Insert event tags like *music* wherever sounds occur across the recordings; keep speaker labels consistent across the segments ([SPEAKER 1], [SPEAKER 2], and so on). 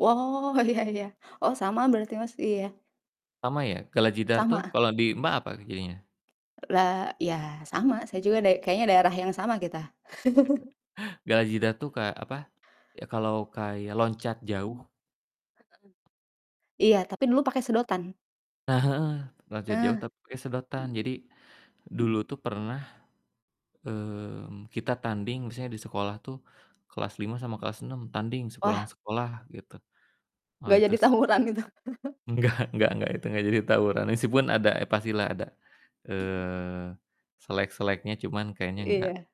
[SPEAKER 1] Woh, iya iya. Oh, sama berarti Mas, iya.
[SPEAKER 2] Sama, ya? Gala jidar, tuh,
[SPEAKER 1] Sama.
[SPEAKER 2] kalau di Mbak apa e jadinya?
[SPEAKER 1] Lah, iya, sama. Saya juga da kayaknya daerah yang sama kita. *chuckles*
[SPEAKER 2] *chuckles* Gala jidar, tuh, kayak apa, ya, kalau kayak loncat jauh.
[SPEAKER 1] Iya, tapi dulu pake sedotan.
[SPEAKER 2] Nah, heeh, loncat jauh
[SPEAKER 1] Heeh.
[SPEAKER 2] tapi pake sedotan. Jadi, dulu tuh pernah, eee, kita tanding misalnya di sekolah tuh, kelas 5 sama kelas 6 tanding sepulang
[SPEAKER 1] Wah.
[SPEAKER 2] sekolah, gitu. Ah,
[SPEAKER 1] Enggak
[SPEAKER 2] itu
[SPEAKER 1] jadi
[SPEAKER 2] seru,
[SPEAKER 1] tawuran
[SPEAKER 2] sih.
[SPEAKER 1] itu. *chuckles*
[SPEAKER 2] Enggak enggak enggak, itu enggak jadi tawuran meskipun ada, eh, pastilah ada, eee, slek-sleknya cuman kayaknya enggak,
[SPEAKER 1] Iya.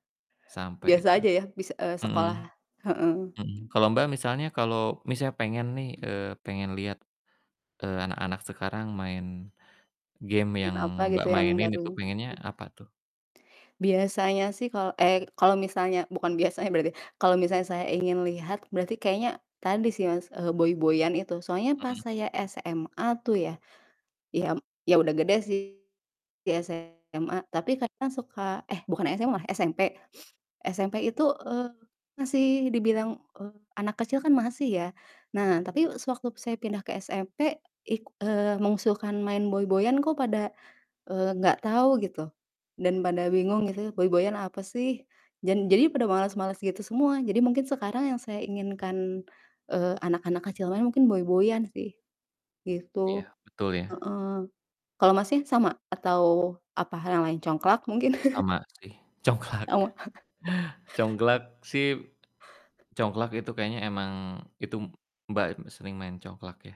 [SPEAKER 2] sampai
[SPEAKER 1] Biasa
[SPEAKER 2] itu,
[SPEAKER 1] aja, ya, bis eee,
[SPEAKER 2] mhm.
[SPEAKER 1] sekolah, heeh.
[SPEAKER 2] Mhm, kalo Mbak misalnya kalau misalnya pengen nih, eee, pengen liat, eee, anak-anak sekarang main, game
[SPEAKER 1] Main
[SPEAKER 2] yang
[SPEAKER 1] apa gitu
[SPEAKER 2] Mbak
[SPEAKER 1] yang
[SPEAKER 2] mainin
[SPEAKER 1] bareng,
[SPEAKER 2] itu pengennya
[SPEAKER 1] mhm.
[SPEAKER 2] apa, tuh?
[SPEAKER 1] Biasanya sih kalau eee, kalau misalnya bukan biasanya berarti, kalau misalnya saya ingin lihat berarti kayaknya, tadi sih Mas, eee, boy-boyan itu soalnya pas
[SPEAKER 2] Mhm.
[SPEAKER 1] saya SMA tuh ya, ya m ya udah gede sih, di SMA, tapi kadang suka, eh, bukan SMA, SMP. *sniffs* SMP itu, eee, masih dibilang, eee, anak kecil kan masih, ya. Nah, tapi sewaktu saya pindah ke SMP, ik eee, mengusulkan main boy-boyan kok pada, eee, enggak tahu gitu, dan pada bingung gitu boy-boyan apa sih, jan jadi pada males-males gitu semua. Jadi, mungkin sekarang yang saya inginkan, eee, anak-anak kecil main mungkin boy-boyan sih, gitu,
[SPEAKER 2] Iya, betul ya.
[SPEAKER 1] heeh. Kalau Masnya, sama? Atau, apa hal yang lain, congklak mungkin? *chuckles*
[SPEAKER 2] Sama, sih. Congklak.
[SPEAKER 1] Oh. *chuckles*
[SPEAKER 2] Congklak, sih congklak itu kayaknya emang itu, Mbak sering main congklak, ya?